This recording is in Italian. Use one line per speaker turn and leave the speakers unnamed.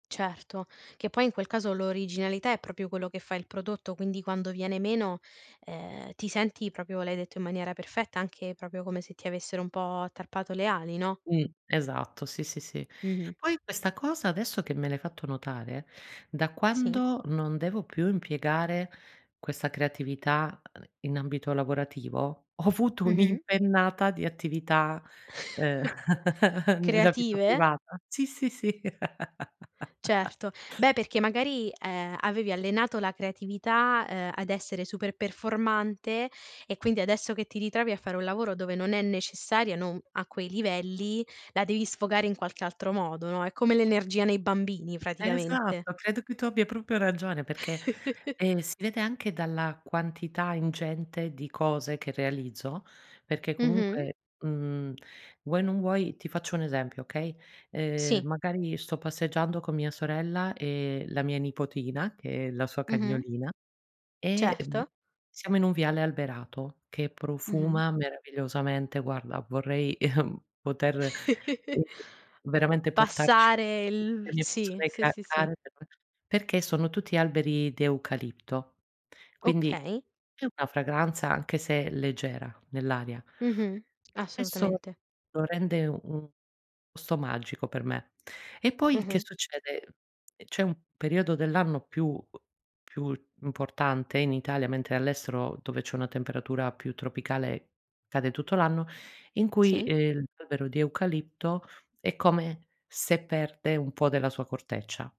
Certo, che poi in quel caso l'originalità è proprio quello che fa il prodotto, quindi quando viene meno eh ti senti proprio, l'hai detto in maniera perfetta, anche proprio come se ti avessero un po' tarpato le ali, no?
Mh esatto, sì, sì, sì.
Mh-mh.
Poi questa cosa adesso che me l'hai fatto notare, da
Sì.
quando non devo più impiegare questa creatività in ambito lavorativo, ho avuto
Mh-mh.
un'impennata di attività eh nella vita
Creative?
privata. Sì, sì, sì.
Certo, beh perché magari eh avevi allenato la creatività eh ad essere super performante e quindi adesso che ti ritrovi a fare un lavoro dove non è necessaria, non a quei livelli, la devi sfogare in qualche altro modo, no, è come l'energia nei bambini praticamente.
Esatto, credo che tu abbia proprio ragione perché eh si vede anche dalla quantità ingente di cose che realizzo perché
Mh-mh.
comunque mhmm vuoi o non vuoi ti faccio un esempio, okay? Eh
Sì.
magari sto passeggiando con mia sorella e la mia nipotina che è la sua
Mh-mh.
cagnolina e mh
Certo.
siamo in un viale alberato che
Mh-mh.
profuma meravigliosamente. Guarda vorrei poter eh veramente portarci
Passare
[unintelligible] le
il
mie
sì,
persone
sì,
ca
sì.
care perché sono tutti alberi di eucalipto. Quindi
Okay.
è una fragranza anche se leggera nell'aria
Mh-mh.
Questo
Assolutamente.
lo rende u un posto magico per me. E poi che
Mh-mh.
succede? C'è un periodo dell'anno più più importante in Italia, mentre all'estero dove c'è una temperatura più tropicale cade tutto l'anno, in cui
Sì.
eh l'albero di eucalipto è come se perde un po' della sua corteccia.